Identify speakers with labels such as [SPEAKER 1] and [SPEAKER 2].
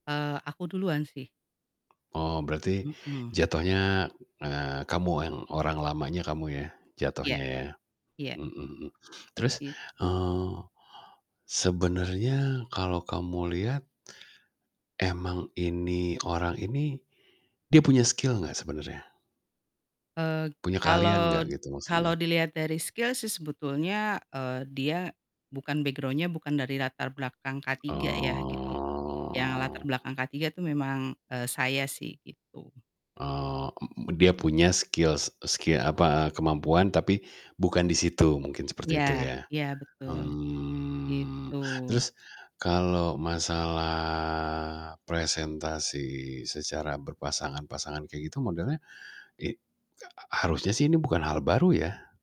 [SPEAKER 1] Eee, aku duluan sih.
[SPEAKER 2] Oh berarti
[SPEAKER 1] Mhm.
[SPEAKER 2] jatuhnya, eee, kamu yang orang lamanya kamu ya
[SPEAKER 1] Iya.
[SPEAKER 2] jatuhnya ya.
[SPEAKER 1] Iya,
[SPEAKER 2] Mhm, mmm. Terus,
[SPEAKER 1] Gitu.
[SPEAKER 2] eee, sebenarnya kalau kamu lihat emang ini, orang ini dia punya skill gak sebenernya?
[SPEAKER 1] Eee,
[SPEAKER 2] Punya keahlian
[SPEAKER 1] kalo
[SPEAKER 2] gak gitu
[SPEAKER 1] kalo
[SPEAKER 2] maksudnya?
[SPEAKER 1] diliat dari skill sih sebetulnya, eee, dia bukan background-nya bukan dari latar belakang K3 ya, gitu. Yang latar
[SPEAKER 2] Oh.
[SPEAKER 1] belakang K3 itu memang, eee, saya sih gitu.
[SPEAKER 2] Oh, m m dia punya skill s skill, apa, kemampuan tapi bukan di situ, mungkin seperti itu
[SPEAKER 1] Ya,
[SPEAKER 2] ya.
[SPEAKER 1] ya betul
[SPEAKER 2] Mmm,
[SPEAKER 1] gitu.
[SPEAKER 2] terus kalau masalah presentasi secara berpasangan-pasangan kayak gitu modelnya i h harusnya sih ini bukan hal baru ya.